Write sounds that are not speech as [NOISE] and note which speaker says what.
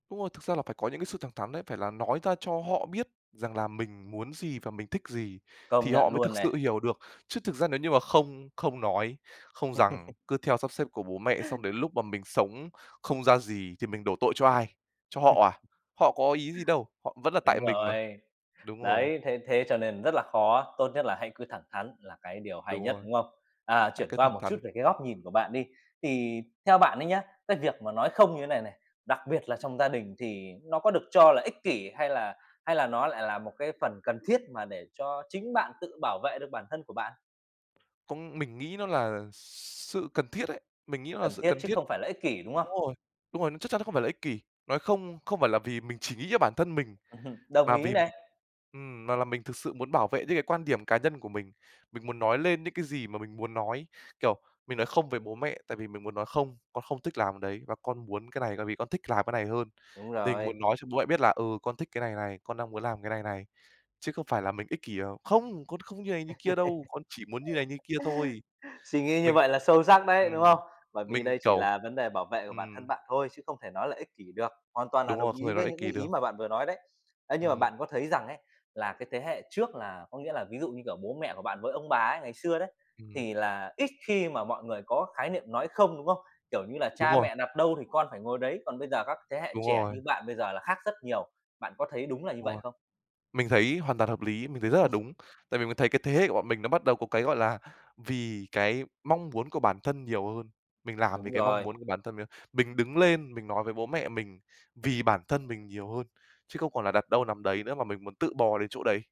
Speaker 1: Đúng rồi, thực ra là phải có những cái sự thẳng thắn đấy, phải là nói ra cho họ biết rằng là mình muốn gì và mình thích gì
Speaker 2: Công
Speaker 1: thì họ
Speaker 2: nhận
Speaker 1: mới
Speaker 2: luôn
Speaker 1: thực sự
Speaker 2: này.
Speaker 1: hiểu được. Chứ thực ra nếu như mà không không nói, không rằng,
Speaker 2: [LAUGHS]
Speaker 1: cứ theo sắp xếp của bố mẹ xong đến lúc mà mình sống không ra gì thì mình đổ tội cho ai? Cho
Speaker 2: Ừ.
Speaker 1: họ à? Họ có ý gì đâu, họ vẫn là tại
Speaker 2: Đúng
Speaker 1: mình mà.
Speaker 2: rồi.
Speaker 1: Đúng rồi.
Speaker 2: Đấy, thế thế cho nên rất là khó, tốt nhất là hãy cứ thẳng thắn là cái điều hay
Speaker 1: Đúng
Speaker 2: nhất,
Speaker 1: rồi.
Speaker 2: đúng không? À,
Speaker 1: Hãy
Speaker 2: chuyển
Speaker 1: cứ
Speaker 2: qua
Speaker 1: thẳng
Speaker 2: một chút
Speaker 1: thắn.
Speaker 2: về cái góc nhìn của bạn đi, thì theo bạn ấy nhá, cái việc mà nói không như thế này này, đặc biệt là trong gia đình thì nó có được cho là ích kỷ? Hay là hay là nó lại là một cái phần cần thiết mà để cho chính bạn tự bảo vệ được bản thân của bạn?
Speaker 1: Cũng mình nghĩ nó là sự cần thiết ấy, mình nghĩ nó là
Speaker 2: Cần
Speaker 1: sự
Speaker 2: thiết
Speaker 1: cần
Speaker 2: chứ
Speaker 1: thiết.
Speaker 2: không phải là ích kỷ, đúng không?
Speaker 1: Đúng rồi, đúng rồi, chắc chắn nó không phải là ích kỷ, nói không không phải là vì mình chỉ nghĩ cho bản thân mình,
Speaker 2: [CHUCKLES] Đồng
Speaker 1: mà
Speaker 2: ý
Speaker 1: vì
Speaker 2: này.
Speaker 1: mình, ừm, mà là mình thực sự muốn bảo vệ những cái quan điểm cá nhân của mình. Mình muốn nói lên những cái gì mà mình muốn nói, kiểu, mình nói không về bố mẹ, tại vì mình muốn nói không, "Con không thích làm đấy và con muốn cái này, tại vì con thích làm cái này hơn."
Speaker 2: Đúng
Speaker 1: Tình
Speaker 2: rồi.
Speaker 1: muốn nói cho bố mẹ biết là "Ừ, con thích cái này này, con đang muốn làm cái này này." Chứ không phải là mình ích kỷ: "Không! Con không như này như kia đâu, con chỉ muốn như này
Speaker 2: [LAUGHS]
Speaker 1: như kia thôi."
Speaker 2: Suy nghĩ như
Speaker 1: Mình
Speaker 2: vậy là sâu sắc đấy,
Speaker 1: ừm,
Speaker 2: đúng không? Bởi vì
Speaker 1: mình,
Speaker 2: đây chỉ
Speaker 1: kiểu
Speaker 2: là vấn đề bảo vệ của bản thân
Speaker 1: ừm.
Speaker 2: bạn thôi chứ không thể nói là ích kỷ được, hoàn toàn là
Speaker 1: Đúng
Speaker 2: đồng
Speaker 1: rồi, không thể
Speaker 2: ý
Speaker 1: nói
Speaker 2: với
Speaker 1: ích
Speaker 2: những
Speaker 1: kỷ
Speaker 2: cái ý
Speaker 1: được.
Speaker 2: mà bạn vừa nói đấy. Ấy, nhưng mà
Speaker 1: Ừm.
Speaker 2: bạn có thấy rằng ấy, là cái thế hệ trước là có nghĩa là ví dụ, như kiểu, bố mẹ của bạn với ông bà ấy, ngày xưa đấy,
Speaker 1: Ừm.
Speaker 2: thì là ít khi mà mọi người có khái niệm nói không, đúng không? Kiểu như là,
Speaker 1: Đúng
Speaker 2: cha
Speaker 1: rồi.
Speaker 2: mẹ đặt đâu thì con phải ngồi đấy, còn bây giờ các thế hệ
Speaker 1: Đúng
Speaker 2: trẻ
Speaker 1: rồi.
Speaker 2: như bạn bây giờ là khác rất nhiều, bạn có thấy đúng là như
Speaker 1: Đúng
Speaker 2: vậy
Speaker 1: rồi.
Speaker 2: không?
Speaker 1: Mình thấy hoàn toàn hợp lý, mình thấy rất là
Speaker 2: [CHUCKLES]
Speaker 1: đúng, tại vì mình thấy cái thế hệ của bọn mình nó bắt đầu có cái, gọi là, vì cái mong muốn của bản thân nhiều hơn. Mình làm vì
Speaker 2: Đúng
Speaker 1: cái mong
Speaker 2: rồi.
Speaker 1: muốn của bản thân mình hơn, mình đứng lên, mình nói với bố mẹ mình, vì bản thân mình nhiều hơn, chứ không còn là đặt đâu nằm đấy nữa, mà mình muốn tự bò đến chỗ đấy.